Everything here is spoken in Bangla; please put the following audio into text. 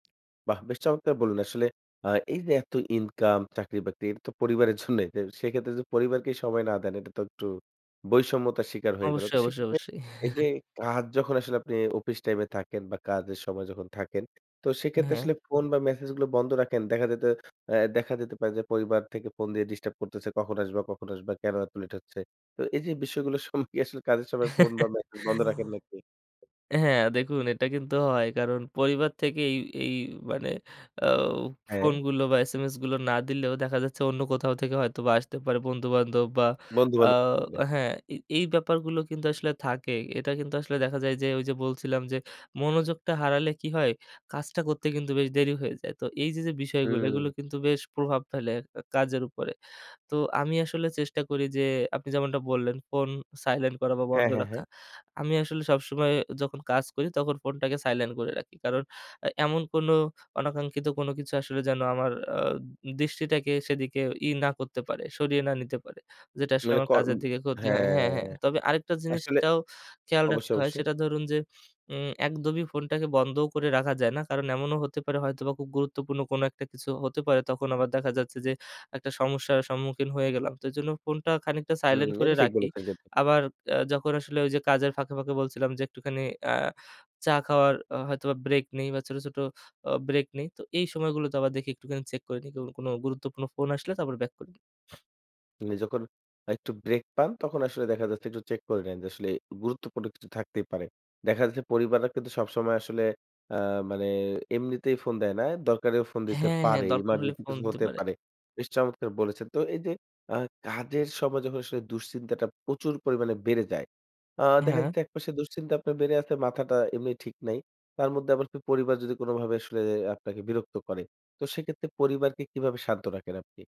বাহ! বেশ চমৎকার বললেন আসলে, আ এই যে এত ইনকাম, চাকরি-বাকরি তো পরিবারের জন্যই। তো সেক্ষেত্রে যদি পরিবারকে সময় না দেন, এটা তো একটু বৈষম্যতার শিকার হয়ে গেল। অবশ্যই, তো অবশ্যই, সেক্ষেত্রে অবশ্যই। এই যে কাজ যখন আসলে আপনি, অফিস টাইমে থাকেন বা কাজের সময় যখন থাকেন, তো সেক্ষেত্রে হ্যাঁ। আসলে ফোন বা মেসেজ গুলো বন্ধ রাখেন। দেখা যায় তো অ্যা দেখা যেতে পারে যে, পরিবার থেকে ফোন দিয়ে ডিস্টার্ব করতেছে। "কখন আসবা, কখন আসবা? কেন এত লেট হচ্ছে?" তো এই যে বিষয়গুলোর সময় আসলে কাজের সময় ফোন বা মেসেজ বন্ধ রাখেন নাকি? হ্যাঁ, দেখুন এটা কিন্তু হয়। কারণ পরিবার থেকে এই, এই মানে আউ হ্যাঁ। ফোনগুলো বা SMS গুলো না দিলেও দেখা যাচ্ছে, অন্য কোথাও থেকে হয়তোবা আসতে পারে। বন্ধুবান্ধব বা আ বন্ধুবান্ধব [unintelligible] হ্যাঁ, এই এই ব্যাপারগুলো কিন্তু আসলে থাকে। এটা কিন্তু আসলে দেখা যায় যে ঐ যে বলছিলাম যে, মনোযোগটা হারালে কি হয়? কাজটা করতে কিন্তু বেশ দেরি হয়ে যায়। তো এই যে, যে বিষয়গুলো এগুলো হুম। কিন্তু বেশ প্রভাব ফেলে ক কাজের উপরে। তো আমি আসলে চেষ্টা করি যে আপনি যেমনটা বললেন, ফোন সাইলেন্ট করা বা হ্যাঁ, বন্ধ হ্যাঁ, হ্যাঁ। রাখা। আমি আসলে সবসময় যখন কাজ করি, তখন ফোনটাকে সাইলেন্ট করে রাখি। কারণ এ এমন কোন অনাকাঙ্ক্ষিত কোন কিছু আসলে যেন আমার আ দৃষ্টিটাকে, সেদিকে ই না করতে পারে, সরিয়ে না নিতে পারে। যেটা আসলে মানে আমার ক উম কাজের দিকে ক্ষতি হয়। হ্যাঁ। হ্যাঁ, হ্যাঁ। তবে আরেকটা জিনিস আসলে সেটাও খেয়াল রাখতে অবশ্যই, হয়, অবশ্যই। সেটা ধরুন যে উম একদমই ফোনটাকে বন্ধ করে রাখা যায় না। কারণ এমনও হতে পারে হয়তোবা খুব গুরুত্বপূর্ণ কোন একটা কিছু হতে পারে। তখন আবার দেখা যাচ্ছে যে, একটা সমস্যার সম্মুখীন হয়ে গেলাম। তো এজন্য ফোনটা খানিকটা হুম। সাইলেন্ট করে এটা ঠিক রাখি। বলেছেন কিন্তু। আবার অ্যা যখন আসলে ওই যে কাজের ফাঁকে, ফাঁকে বলছিলাম যে, একটুখানি আ চা খাওয়ার আ হয়তোবা ব্রেক নেই বা ছোট, ছোট আ ব্রেক নেই, তো এই সময়গুলো তে আবার দেখি একটুখানি চেক করে নেই, ক-কোন গুরুত্বপূর্ণ ফোন আসলে, তারপর বাক করি। মানে যখন একটু ব্রেক পান, তখন আসলে দেখা যাচ্ছে একটু চেক করে নেন যে আসলে, গুরুত্বপূর্ণ কিছু থাকতেই পারে। দেখা যাচ্ছে পরিবাররা কিন্তু সবসময় আসলে আ মানে, এমনিতেই ফোন দেয় না। দরকারেও ফোন দিতে হ্যাঁ, হ্যাঁ। পারে। দরকার হলে এমার্জেন্সি ফোন কিছু দিতে হতে পারে। পারে। বেশ চমৎকার বলেছেন। তো এই যে আ কাজের সময় যখন আসলে দুশ্চিন্তাটা প্রচুর পরিমাণে বেড়ে যায়। আ দেখা হ্যাঁ। যাচ্ছে একপাশে দুশ্চিন্তা আপনার বেড়ে আছে, মাথাটা এমনি ঠিক নাই। তার মধ্যে আবার পি পরিবার যদি কোনভাবে আসলে আপনাকে বিরক্ত করে, তো সেক্ষেত্রে পরিবারকে কিভাবে শান্ত রাখেন আপনি?